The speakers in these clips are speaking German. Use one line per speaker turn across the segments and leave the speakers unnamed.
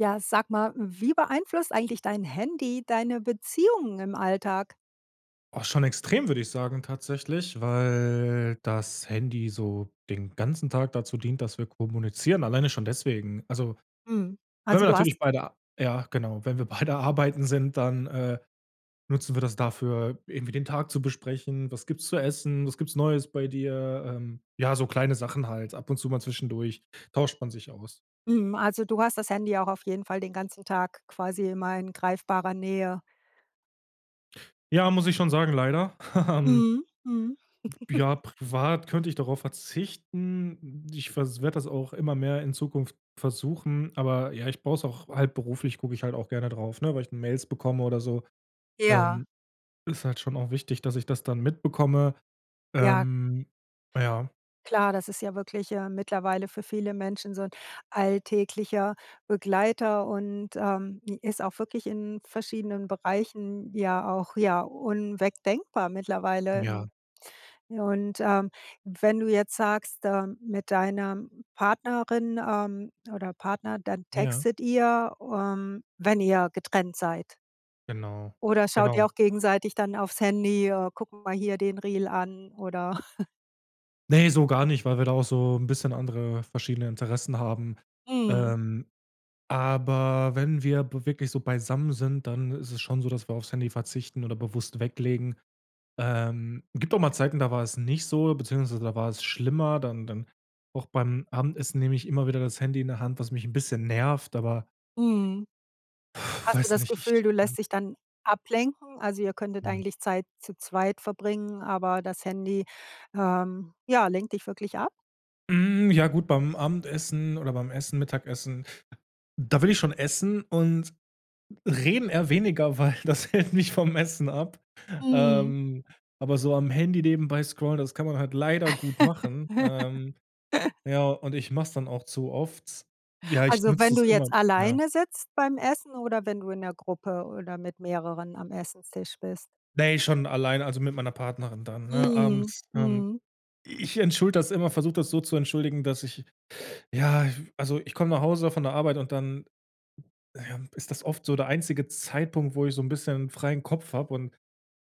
Ja, sag mal, wie beeinflusst eigentlich dein Handy deine Beziehungen im Alltag?
Ach, schon extrem, würde ich sagen tatsächlich, weil das Handy so den ganzen Tag dazu dient, dass wir kommunizieren, alleine schon deswegen. Also,
Mhm.
wenn
Also,
wir
du hast
natürlich beide ja genau, wenn wir beide arbeiten sind, dann, äh, nutzen wir das dafür, irgendwie den Tag zu besprechen: „Was gibt's zu essen? Was gibt's Neues bei dir?“ Ähm, ja, so kleine Sachen halt. Ab und zu mal zwischendurch tauscht man sich aus.
Mhm, also du hast das Handy auch auf jeden Fall den ganzen Tag quasi immer in greifbarer Nähe?
Ja, muss ich schon sagen, leider. Ähm
Mhm. Mhm.
Ja, privat könnte ich darauf verzichten. Ich vers werde das auch immer mehr in Zukunft versuchen, aber ja, ich brauche es auch halt beruflich gucke ich halt auch gerne drauf, ne, weil ich Mails bekomme oder so.
Ja.
Ähm, ist halt schon auch wichtig, dass ich das dann mitbekomme.
Ja.
Ähm, ja.
Klar, das ist ja wirklich, äh, mittlerweile für viele Menschen so 'n alltäglicher Begleiter und, ähm, ist auch wirklich in verschiedenen Bereichen ja auch, ja, unwegdenkbar mittlerweile.
Ja.
Ja, und, ähm, wenn du jetzt sagst, äh, mit deiner Partnerin, ähm, oder Partner, dann
Ja.
textet ihr, ähm, wenn ihr getrennt seid?
Genau.
Oder schaut ihr
Genau.
auch gegenseitig dann aufs Handy, äh: „Guck mal hier den Reel an“ oder?
Ne, so gar nicht, weil wir da auch so 'n bisschen andere verschiedene Interessen haben.
Mhm.
Ähm, aber wenn wir b wirklich so beisammen sind, dann ist es schon so, dass wir aufs Handy verzichten oder bewusst weglegen. Ähm, gibt auch mal Zeiten, da war es nicht so, beziehungsweise da war es schlimmer. Dann dann auch beim Abendessen nehme ich immer wieder das Handy in der Hand, was mich 'n bisschen nervt, aber
Mhm. Hast du
weiß
das
nicht,
Gefühl,
ich,
du
ähm
lässt dich dann ablenken, also ihr könntet
Hm.
eigentlich Zeit zu zweit verbringen, aber das Handy, ähm, ja, lenkt dich wirklich ab?
Hm, ja gut, beim Abendessen oder beim Essen, Mittagessen, da will ich schon essen und reden eher weniger, weil das hält mich vom Essen ab,
Mhm.
ähm, aber so am Handy nebenbei scrollen, das kann man halt leider gut machen, ähm, ja, und ich mach's dann auch zu oft. Ja, ich
Also wenn
nutze
du
es immer,
jetzt
ja.
alleine sitzt beim Essen oder wenn du in der Gruppe oder mit mehreren am Esstisch bist?
Ne, schon allein, also mit meiner Partnerin dann, ne?
Mhm.
Abends, ähm
Mhm.
ich entschuldige das immer, versuche das so zu entschuldigen, dass ich ja, v also ich komme nach Hause von der Arbeit und dann ja, ist das oft so der einzige Zeitpunkt, wo ich so 'n bisschen freien Kopf habe und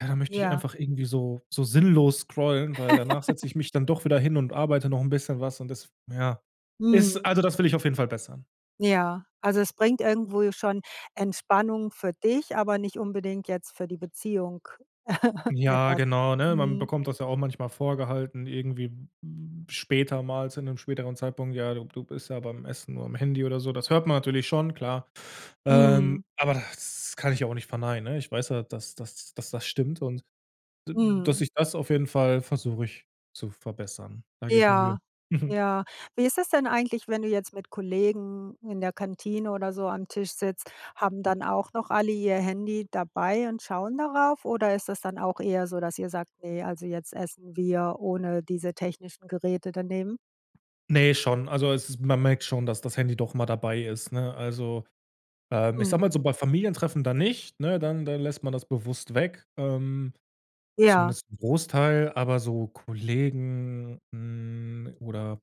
ja, da möchte ich
Ja.
einfach irgendwie so so sinnlos scrollen, weil danach setze ich mich dann doch wieder hin und arbeite noch 'n bisschen was und das ja, ist
Mhm.
also das will ich auf jeden Fall bessern.
Ja, also es bringt irgendwo schon Entspannung für dich, aber nicht unbedingt jetzt für die Beziehung
Ja,
etwas.
genau, ne, man
Mhm.
bekommt das ja auch manchmal vorgehalten, irgendwie, hm, später mal zu 'nem späteren Zeitpunkt: „Ja, du b du bist ja beim Essen nur am Handy.“ oder so. Das hört man natürlich schon, klar. Ähm,
Mhm.
aber das kann ich auch nicht verneinen, ne, ich weiß ja, dass dass dass das stimmt und d dass
Mhm.
ich das auf jeden Fall versuche ich zu verbessern. Da gebe ich mir Mühe.
Ja,
Mhm.
ja. Wie ist es denn eigentlich, wenn du jetzt mit Kollegen in der Kantine oder so am Tisch sitzt, haben dann auch noch alle ihr Handy dabei und schauen darauf, oder ist das dann auch eher so, dass ihr sagt: „Ne, also jetzt essen wir ohne diese technischen Geräte dann eben?"
Ne schon, also es man merkt schon, dass das Handy doch immer dabei ist, ne, also, ähm, ich sage
Mhm.
mal so, bei Familientreffen dann nicht, ne, dann dann lässt man das bewusst weg, ähm,
Ja.
zumindest 'n Großteil, aber so Kollegen, hm, oder,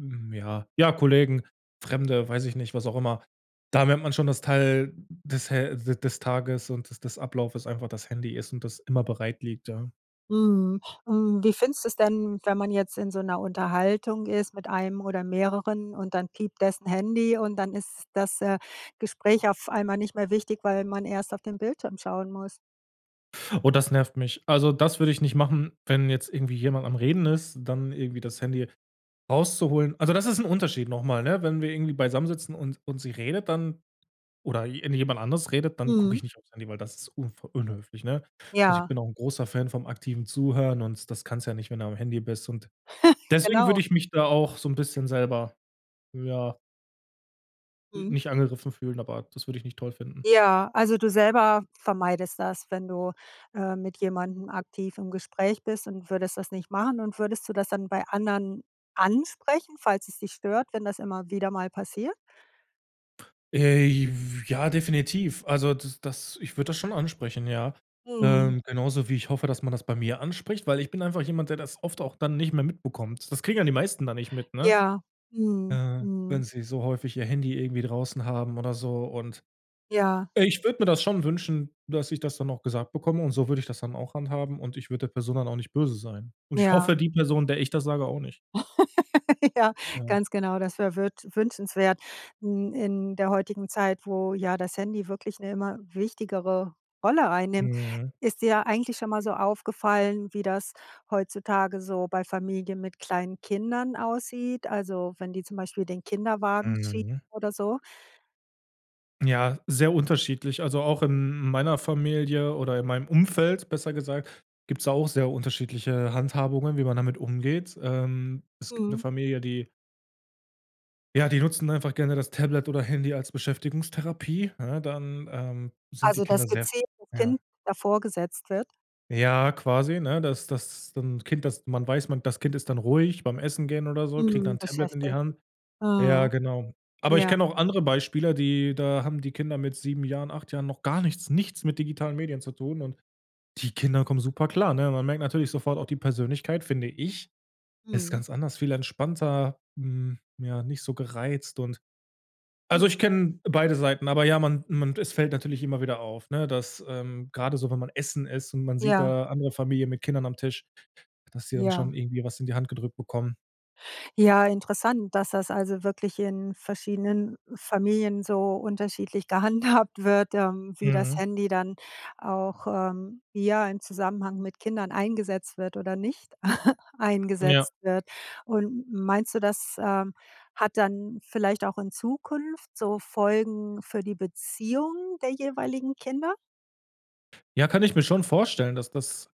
hm ja ja Kollegen, Fremde, weiß ich nicht, was auch immer, da merkt man schon das Teil des Hä d des Tages und des des Ablauf das einfach das Handy ist und das immer bereit liegt, ja.
Mhm. Hm, wie findest du es denn, wenn man jetzt in so 'ner Unterhaltung ist mit einem oder mehreren und dann piept dessen Handy und dann ist das, äh, Gespräch auf einmal nicht mehr wichtig, weil man erst auf den Bildschirm schauen muss?
Oh, das nervt mich. Also, das würde ich nicht machen, wenn jetzt irgendwie jemand am Reden ist, dann irgendwie das Handy rauszuholen. Also, das ist 'n Unterschied noch mal, ne? Wenn wir irgendwie beisammen sitzen und und sie redet dann oder je irgendjemand anders redet, dann gucke
Mhm.
ich nicht auf's Handy, weil das ist unfreu unhöflich, ne? Also, ich
Ja.
bin auch 'n großer Fan vom aktiven Zuhören, und das kannst du ja nicht, wenn du am Handy bist und deswegen würde
Genau.
ich mich da auch so 'n bisschen selber, ja
Mhm.
nicht angegriffen fühlen, aber das würde ich nicht toll finden.
Ja, also du selber vermeidest das, wenn du, äh, mit jemandem aktiv im Gespräch bist und würdest das nicht machen und würdest du das dann bei anderen ansprechen, falls es dich stört, wenn das immer wieder mal passiert?
Äh, j f ja, definitiv. Also das das ich würde das schon ansprechen, ja.
Mhm.
Ähm, genauso wie ich hoffe, dass man das bei mir anspricht, weil ich bin einfach jemand, der das oft auch dann nicht mehr mitbekommt. Das kriegen ja die meisten da nicht mit, ne?
Ja. Mhm.
Äh,
Mhm.
wenn sie so häufig ihr Handy irgendwie draußen haben oder so. Und,
Ja.
äh, ich würde mir das schon wünschen, dass ich das dann auch gesagt bekomme und so würde ich das dann auch handhaben, und ich würde der Person dann auch nicht böse sein. Und ich
Ja.
hoffe, die Person, der ich das sage, auch nicht.
Ja.
Ja.
Ganz genau, das wär würt wünschenswert. Hm, in der heutigen Zeit, wo ja das Handy wirklich 'ne immer wichtigere Rolle einnimmt,
Mhm.
ist dir eigentlich schon mal so aufgefallen, wie das heutzutage so bei Familie mit kleinen Kindern aussieht? Also wenn die zum Beispiel den Kinderwagen schieben
Mhm.
oder so?
Ja, sehr unterschiedlich. Also, auch in meiner Familie oder in meinem Umfeld, besser gesagt, gibt's da auch sehr unterschiedliche Handhabungen, wie man damit umgeht, ähm. Es gibt 'ne
Mhm.
Familie, die ja, die nutzen einfach gerne das Tablet oder Handy als Beschäftigungstherapie, ne, dann, ähm, sind die
Also
Kinder
das
sehr
gezielt 'n
ja.
Kind davorgesetzt wird?
Ja, quasi, ne, dass das dann Kind dass man weiß, man das Kind ist dann ruhig beim Essen gehen oder so, kriegt dann
Mhm,
'n Tablet in die
beschäftigt.
Hand. Ja,
Mhm.
genau. Aber ich
Ja.
kenne auch andere Beispiele, die da haben die Kinder mit 7 Jahren, 8 Jahren noch gar nichts, nichts mit digitalen Medien zu tun, und die Kinder kommen super klar, ne? Man merkt natürlich sofort auch die Persönlichkeit, finde ich. Es ist
Mhm.
ganz anders, viel entspannter, hm, ja, nicht so gereizt und also ich
Mhm.
kenne beide Seiten, aber ja, man man es fällt natürlich immer wieder auf, ne, dass, ähm, gerade so, wenn man essen ist und man sieht
Ja.
da andere Familien mit Kindern am Tisch, dass die dann
Ja.
schon irgendwie was in die Hand gedrückt bekommen.
Ja, interessant, dass das also wirklich in verschiedenen Familien so unterschiedlich gehandhabt wird, ähm, wie das
Mhm.
Handy dann auch, ähm, ja im Zusammenhang mit Kindern eingesetzt wird oder nicht
Ja.
eingesetzt wird. Und, meinst du, das, ähm, hat dann vielleicht auch in Zukunft so Folgen für die Beziehung der jeweiligen Kinder?
Ja, kann ich mir schon vorstellen, dass das,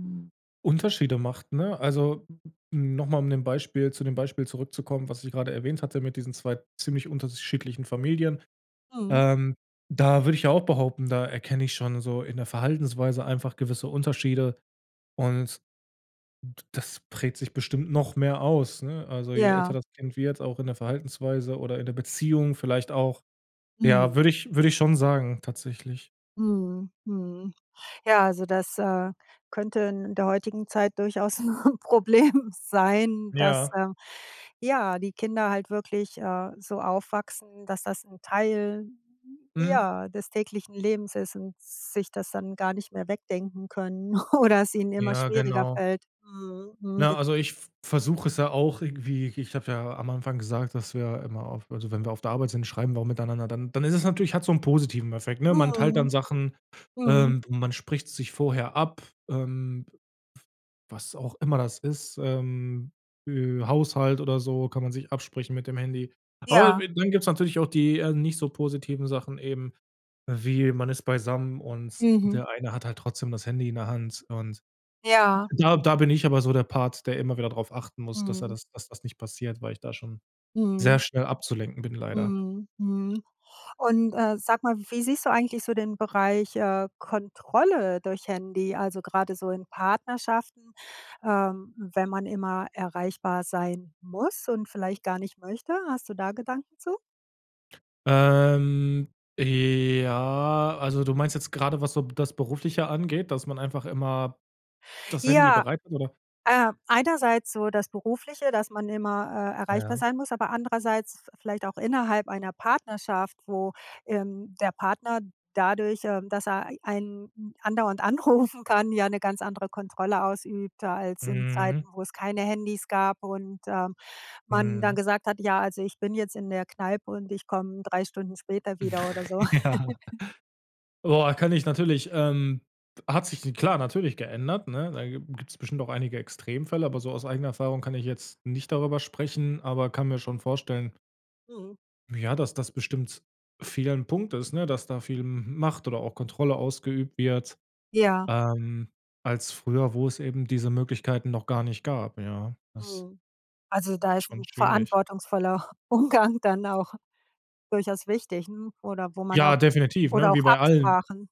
hm, Unterschiede macht, ne? Also, noch mal um dem Beispiel zu dem Beispiel zurückzukommen, was ich grade erwähnt hatte mit diesen 2 ziemlich unterschiedlichen Familien.
Mhm.
Ähm, da würde ich ja auch behaupten, da erkenne ich schon so in der Verhaltensweise einfach gewisse Unterschiede und d das prägt sich bestimmt noch mehr aus, ne? Also, je älter
Ja.
das Kind wird, auch in der Verhaltensweise oder in der Beziehung vielleicht auch. Ja,
Mhm.
würde ich würde ich schon sagen, tatsächlich.
Mhm, mhm. Ja, also das, äh, könnte in der heutigen Zeit durchaus 'n Problem sein, dass,
Ja.
ähm, ja, die Kinder halt wirklich, äh, so aufwachsen, dass das 'n Teil,
Mhm.
ja, des täglichen Lebens ist und sich das dann gar nicht mehr wegdenken können oder es ihnen immer
Ja,
schwieriger
genau.
fällt. Mhm, mhm.
Na, also ich v versuche es ja auch irgendwie ich habe ja am Anfang gesagt, dass wir immer auf also wenn wir auf der Arbeit sind, schreiben wir auch miteinander. Dann dann ist es natürlich hat so 'n positiven Effekt, ne? Man teilt dann
Mhm.
Sachen,
Mhm.
ähm, man spricht sich vorher ab, ähm, was auch immer das ist, ähm, äh, Haushalt oder so kann man sich absprechen mit dem Handy. Aber
Ja.
dann gibt's natürlich auch die eher nicht so positiven Sachen eben, wie, man ist beisammen und
Mhm.
der eine hat halt trotzdem das Handy in der Hand und
Ja.
da da bin ich aber so der Part, der immer wieder drauf achten muss, dass er
Mhm.
das dass das nicht passiert, weil ich da schon sehr
Mhm.
schnell abzulenken bin, leider.
Mhm, mhm. Und, äh, sag mal, wie siehst du eigentlich so den Bereich, äh, Kontrolle durch Handy, also gerade so in Partnerschaften, ähm, wenn man immer erreichbar sein muss und vielleicht gar nicht möchte? Hast du da Gedanken zu?
Ähm, j ja, also, du meinst jetzt grade, was so das Berufliche angeht, dass man einfach immer das Handy
Ja,
bereit ist oder?
äh, einerseits so das Berufliche, dass man immer, äh, erreichbar
Ja.
sein muss, aber andererseits vi vielleicht auch innerhalb einer Partnerschaft, wo, ähm, der Partner dadurch, ähm, dass er e einen a andauernd anrufen kann, ja 'ne ganz andere Kontrolle ausübt als in
Mhm.
Zeiten, wo es keine Handys gab und, ähm, man dann
Mhm.
gesagt hat: „Ja, also ich bin jetzt in der Kneipe und ich komme 3 Stunden später wieder“ oder so.
Ja. Boah, kann ich natürlich, ähm, hat sich d klar, natürlich geändert, ne? Da gi gibt's bestimmt auch einige Extremfälle, aber so aus eigener Erfahrung kann ich jetzt nicht darüber sprechen, aber kann mir schon vorstellen
Mhm.
ja, dass das bestimmt vielen 'n Punkt ist, ne, dass da viel M Macht oder auch Kontrolle ausgeübt wird,
Ja.
ähm, als früher, wo es eben diese Möglichkeiten noch gar nicht gab, ja. Das
Mhm. Also da
ist
ist
schon
'n
schwierig.
verantwortungsvoller U Umgang dann auch durchaus wichtig 'n oder wo man auch
Ja, definitiv,
oder
ne, wie
auch
bei allen.
Absprachen.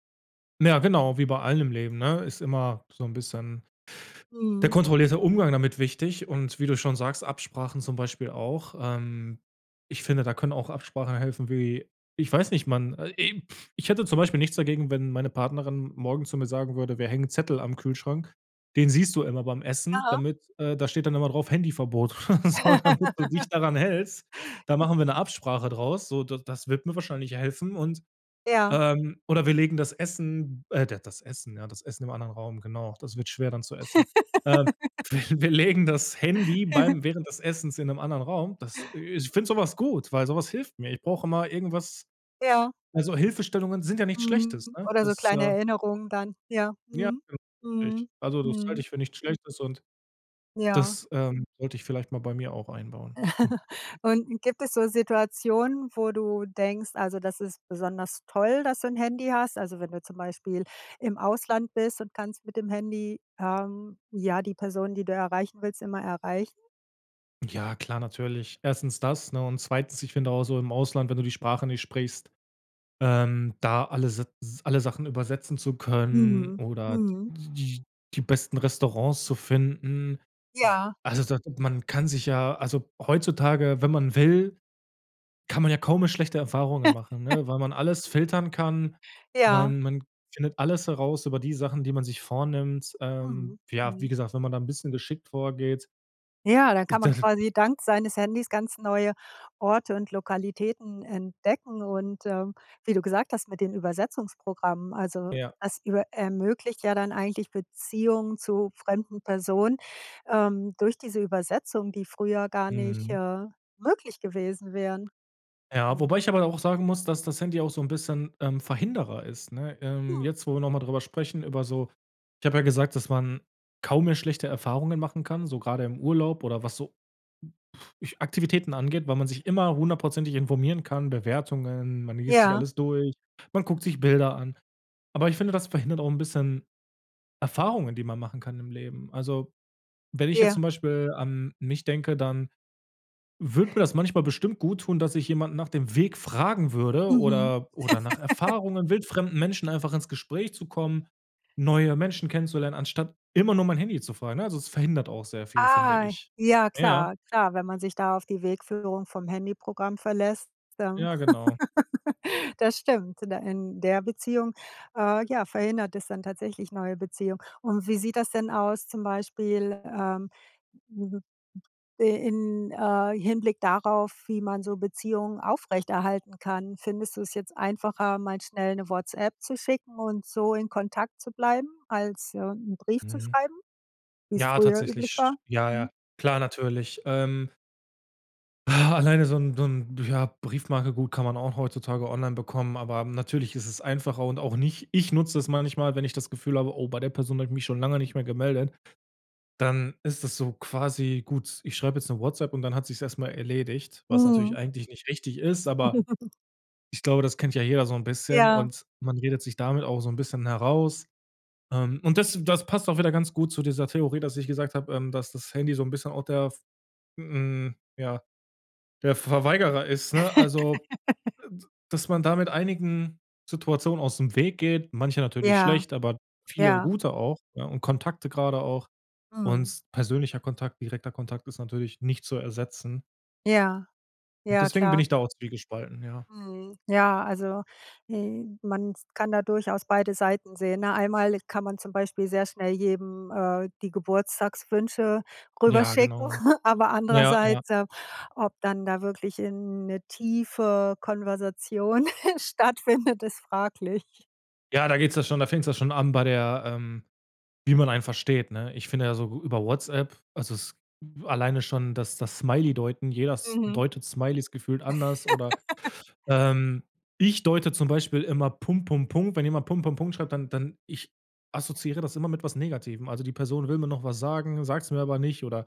Ja, genau, wie bei allem im Leben, ne, ist immer so 'n bisschen der
Mhm.
kontrollierte Umgang damit wichtig, und wie du schon sagst, Absprachen zum Beispiel auch. Ähm, ich finde, da können auch Absprachen helfen wie ich weiß nicht, man äh, ich hätte zum Beispiel nichts dagegen, wenn meine Partnerin morgen zu mir sagen würde: „Wir hängen Zettel am Kühlschrank. Den siehst du immer beim Essen,
Aha.
damit, äh da steht dann immer drauf Handyverbot, oder so damit du dich daran hältst. Da machen wir 'ne Absprache draus.“ So, d das wird mir wahrscheinlich helfen und
Ja.
ähm, oder wir legen das Essen, äh, d das Essen ja, das Essen im anderen Raum. Genau, das wird schwer dann zu essen. Ähm. Wi wir legen das Handy, beim während des Essens in 'nem anderen Raum. Das, äh ich finde so was gut, weil so was hilft mir. Ich brauche immer irgendwas
Ja.
also, Hilfestellungen sind ja nichts Schlechtes,
Mhm.
ne?
Oder so
Das,
kleine
äh
Erinnerungen dann, ja,
Ja,
mhm.
genau, richtig.
Mhm,
Also, das halte
mhm.
ich für nichts Schlechtes und
Ja.
das, ähm, sollte ich vielleicht mal bei mir auch einbauen. Hm.
Und gibt es so Situationen, wo du denkst, also, das ist besonders toll, dass du 'n Handy hast? Also wenn du zum Beispiel im Ausland bist und kannst mit dem Handy, ähm, ja die Person, die du erreichen willst, immer erreichen?
Ja klar, natürlich. 1. das, ne, und 2., ich finde auch so im Ausland, wenn du die Sprache nicht sprichst, ähm, da alle s s alle Sachen übersetzen zu können
Mhm.
oder d
Mhm.
die die besten Restaurants zu finden,
Ja.
also da man kann sich ja also heutzutage, wenn man will, kann man ja kaum mehr schlechte Erfahrungen machen, ne, weil man alles filtern kann.
Ja.
Man man findet alles heraus über die Sachen, die man sich vornimmt. Ähm,
Mhm.
ja, wie
Mhm.
gesagt, wenn man da 'n bisschen geschickt vorgeht
Ja, dann kann man
[unintelligible]
quasi dank seines Handys ganz neue Orte und Lokalitäten entdecken und, ähm, wie du gesagt hast mit den Übersetzungsprogrammen, also
Ja.
das über ermöglicht ja dann eigentlich Beziehungen zu fremden Personen, ähm, durch diese Übersetzungen, die früher gar nicht,
Mhm.
äh, möglich gewesen wären.
Ja,
Mhm.
wobei ich aber da auch sagen muss, dass das Handy auch so 'n bisschen, ähm, Verhinderer ist, ne? Ähm,
Hm.
jetzt, wo wir noch mal drüber sprechen, über so ich habe ja gesagt, dass man kaum mehr schlechte Erfahrungen machen kann, so grade im Urlaub oder was so Aktivitäten angeht, weil man sich immer 100 % informieren kann, Bewertungen, man liest sich
Ja.
alles durch, man guckt sich Bilder an. Aber ich finde, das verhindert auch 'n bisschen Erfahrungen, die man machen kann im Leben. Also, wenn ich jetzt
Ja.
zum Beispiel an mich denke, dann würde mir das manchmal bestimmt gut tun, dass ich jemanden nach dem Weg fragen würde
Mhm.
oder oder nach Erfahrungen, wildfremden Menschen einfach ins Gespräch zu kommen, neue Menschen kennenzulernen anstatt immer nur mein Handy zu fragen, ne, also es verhindert auch sehr viel finde
Ah.
ich.
Ja
Ja.
klar, klar, wenn man sich da auf die Wegführung vom Handyprogramm verlässt, dann
Ja, genau.
das stimmt in d in der Beziehung, äh, ja, verhindert es dann tatsächlich neue Beziehungen. Und wie sieht das denn aus zum Beispiel, ähm, i in, äh, Hinblick darauf, wie man so Beziehungen aufrechterhalten kann? Findest du es jetzt einfacher, mal schnell 'ne WhatsApp zu schicken und so in Kontakt zu bleiben als, ja, 'n Brief zu
Mhm.
schreiben, wie's
Ja,
früher üblich war?
tatsächlich. Ja,
Mhm.
ja. Klar, natürlich. Ähm Alleine so 'n so 'n ja, Briefmarke, gut kann man auch heutzutage online bekommen. Aber natürlich ist es einfacher und auch nicht ich nutze es manchmal, wenn ich das Gefühl habe, oh, bei der Person habe ich mich schon lange nicht mehr gemeldet, dann ist das so quasi, gut, ich schreibe jetzt ´ne WhatsApp und dann hat sich's erst mal erledigt, was natürlich
Mhm.
eigentlich nicht richtig ist, aber ich glaube, das kennt ja jeder so 'n bisschen
Ja.
und man redet sich damit auch so 'n bisschen heraus, ähm, und das das passt auch wieder ganz gut zu dieser Theorie, dass ich gesagt habe, ähm, dass das Handy so 'n bisschen auch der, hm, ja der Verweigerer ist, ne? Also, äh, dass man da mit einigen Situationen ausm Weg geht, manche natürlich
Ja,
schlecht, aber viele
ja.
gute auch, ja und Kontakte gerade auch
Mhm.
und persönlicher Kontakt, direkter Kontakt ist natürlich nicht zu ersetzen.
Ja,
Und
ja
deswegen bin
klar.
ich da auch zwiegespalten, ja.
Mhm. Ja, also, äh, man kann da durchaus beide Seiten sehen, ne? Einmalig kann man zum Beispiel sehr schnell jedem, äh, die Geburtstagswünsche
Ja
rüberschicken,
genau,
aber
ja ja.
andererseits, ähm, ob dann da wirklich, äh, 'ne tiefe Konversation stattfindet, ist fraglich.
Ja, da geht's ja schon da fängt's ja schon an bei der, ähm, wie man einen versteht, ne? Ich finde ja so über WhatsApp also es alleine schon das das Smiley deuten, jeder S
Mhm.
deutet Smileys gefühlt anders oder, ähm, ich deute zum Beispiel immer „Punkt Punkt Punkt“ wenn jemand „Punkt Punkt Punkt“ schreibt, dann dann ich assoziiere das immer mit was Negativem. Also, die Person will mir noch was sagen, sagt's mir aber nicht oder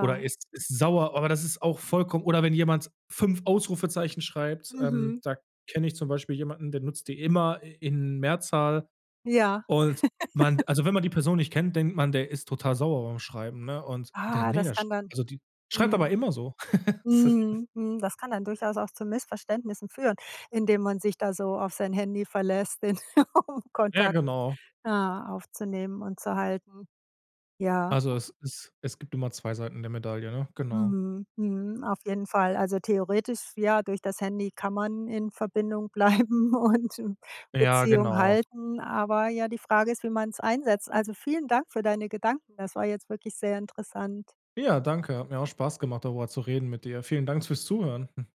oder ist ist sauer. Aber das ist auch vollkommen oder wenn jemand 5 Ausrufezeichen schreibt, ähm,
Mhm.
da kenne ich zum Beispiel jemanden, der nutzt die immer i in Mehrzahl.
Ja.
Und man also wenn man die Person nicht kennt, denkt man, der ist total sauer beim Schreiben, ne? Und der
Ah.
ne,
Das
der sch
kann dann
also, die schreibt aber
mhm,
immer so. S
mhm, mhm, das kann dann durchaus auch zu Missverständnissen führen, indem man sich da so auf sein Handy verlässt, den
Ja,
Kontakt,
genau.
ja, aufzunehmen und zu halten. Ja.
Also es es es gibt immer 2 Seiten der Medaille, ne? Genau.
Mhm, mhm. Auf jeden Fall, also theoretisch, ja, durch das Handy kann man in Verbindung bleiben und
Ja
Beziehung
genau.
halten, aber ja, die Frage ist, wie man's einsetzt. Also vielen Dank für deine Gedanken. Das war jetzt wirklich sehr interessant.
Ja, danke. Hat mir auch Spaß gemacht darüber zu reden mit dir. Vielen Dank fürs Zuhören.